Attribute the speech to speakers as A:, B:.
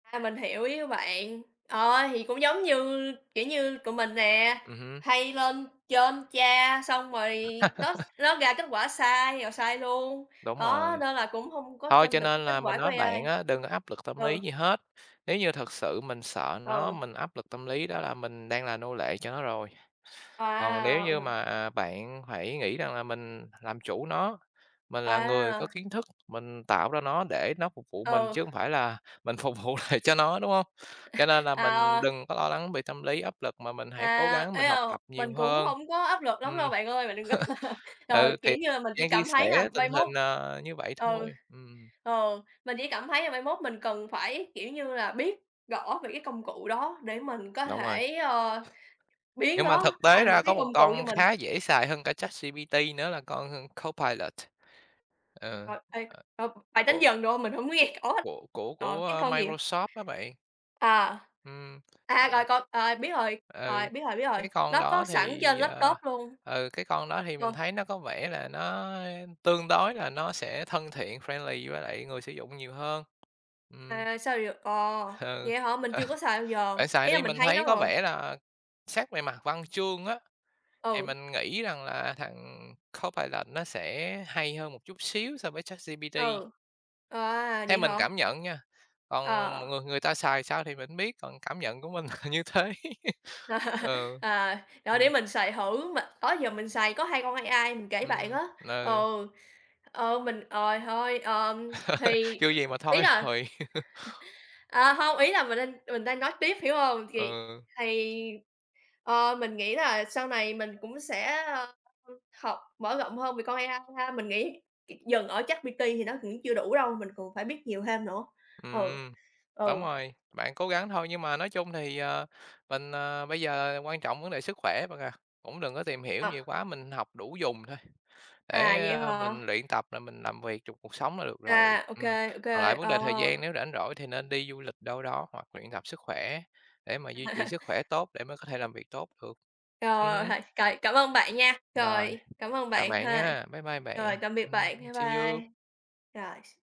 A: À, mình hiểu ý của bạn, ờ, thì cũng giống như, kiểu như, tụi mình nè,
B: Ừm hứm.
A: hay lên trên tra xong rồi nó nó ra kết quả sai rồi sai luôn,
B: Đúng
A: đó,
B: rồi.
A: nên là cũng hông có
B: Thôi
A: tin
B: cho
A: được cái
B: nên
A: kết
B: là mình
A: quả của
B: nói
A: AI.
B: bạn á, đừng có áp lực tâm
A: Ừ.
B: lý gì hết. Nếu như thực sự mình sợ nó,
A: Ừ.
B: mình áp lực tâm lý đó là mình đang là nô lệ cho nó rồi. Còn nếu như
A: Wow!
B: mà, à, bạn phải nghĩ rằng là mình làm chủ nó, mình là người có
A: Wow!
B: kiến thức, mình tạo ra nó để nó phục vụ mình
A: Ừ.
B: chứ hông phải là mình phục vụ lại cho nó, đúng hông? Cho nên là
A: À,
B: mình
A: ờ.
B: đừng có lo lắng bị tâm lý áp lực mà mình hãy cố
A: À,
B: gắng
A: ê,
B: mình học
A: ờ,
B: tập
A: mình
B: nhiều
A: cũng
B: hơn.
A: hông có áp lực lắm đâu
B: Ừm.
A: bạn ơi, bạn đừng có, ờ,
B: Ừ,
A: kiểu
B: thì
A: như là, mình chỉ
B: đang chia
A: cảm thấy là
B: sẻ tình
A: mai mốt
B: hình, ờ, như vậy
A: ừ,
B: thôi, ừm.
A: ờ, mình chỉ cảm thấy là mai mốt mình cần phải, kiểu như là, biết rõ về cái công cụ đó để mình có
B: Đúng rồi.
A: thể, ờ, biến
B: Nhưng mà thực
A: nó
B: tế
A: thành một
B: ra
A: cái
B: có một
A: công cụ cho
B: con
A: mình.
B: khá dễ xài hơn cả ChatGPT nữa là con Copilot. Ờ.
A: Rồi, ê,
B: Ờ.
A: ờ, bạn đánh
B: Của
A: vần được hông? Mình hông có nghe rõ hết.
B: Của của
A: Ờ, cái
B: của
A: con gì vậy?
B: Microsoft á bạn.
A: À,
B: Ừm,
A: à, rồi
B: ờ.
A: con ờ, biết rồi,
B: Ừ,
A: ờ, biết rồi, biết
B: cái
A: rồi,
B: cái con
A: nó có
B: đó
A: sẵn trên
B: thì, ờ,
A: laptop luôn.
B: ừ, cái con đó thì mình
A: Ờ.
B: thấy nó có vẻ là nó tương đối là nó sẽ thân thiện, friendly với lại người sử dụng nhiều hơn. Ừm.
A: À, sao vậy? Ờ,
B: Ừ.
A: vậy hả, mình
B: Ờ.
A: chưa có xài bao giờ,
B: Bạn xài
A: ý là
B: đi,
A: mình
B: mình
A: thấy nó
B: thấy có
A: rồi.
B: vẻ là xét về mặt văn chương á, thì
A: Ừ.
B: mình nghĩ rằng là thằng Copilot nó sẽ hay hơn một chút xíu so với ChatGPT.
A: Ừ, à,
B: Theo
A: vậy
B: mình
A: hả?
B: cảm nhận nha, còn
A: Ờ.
B: mọi người người ta xài sao thì mình hông biết, còn cảm nhận của mình là như thế. Ờ,
A: À, trời ơi, để
B: ừm.
A: mình xài thử, mà đó giờ mình xài có 2 con AI, mình kể bạn
B: Ừm,
A: á
B: ờ.
A: ừ, ờ, mình ờ, thôi ờm, thì,
B: Chưa gì mà
A: ờ, ý
B: thôi
A: là
B: rồi.
A: à, hông, ý là mình đang mình đang nói tiếp, hiểu hông?
B: Ờ.
A: Thì thì ờ, mình nghĩ là sau này mình cũng sẽ, ờ, học mở rộng hơn về con AI ha, mình nghĩ c dừng ở ChatGPT thì nó cũng chưa đủ đâu, mình còn phải biết nhiều thêm nữa, ừ,
B: Ừm, đúng
A: ừ.
B: rồi, bạn cố gắng thôi nhưng mà nói chung thì, ờ, mình, ờ, bây giờ quan trọng vấn đề sức khỏe bạn à, cũng đừng có tìm hiểu
A: À.
B: nhiều quá, mình học đủ dùng thôi,
A: À,
B: để
A: vậy hả?
B: mình luyện tập là mình làm việc trong cuộc sống là được rồi.
A: À, OK,
B: Ừm,
A: OK,
B: còn lại vấn đề
A: ờ.
B: thời gian nếu rảnh rỗi thì nên đi du lịch đâu đó hoặc luyện tập sức khỏe để mà duy trì sức khỏe tốt để mới có thể làm việc tốt được, ừm
A: Rồi, h
B: hứm.
A: cày cảm ơn bạn nha.
B: Rồi,
A: Rồi, cảm ơn
B: chào
A: bạn
B: bạn
A: ha.
B: nhá. Bye bye bạn.
A: Rồi, tạm biệt
B: Ừm,
A: bạn. Bye
B: see you.
A: bye. Rồi.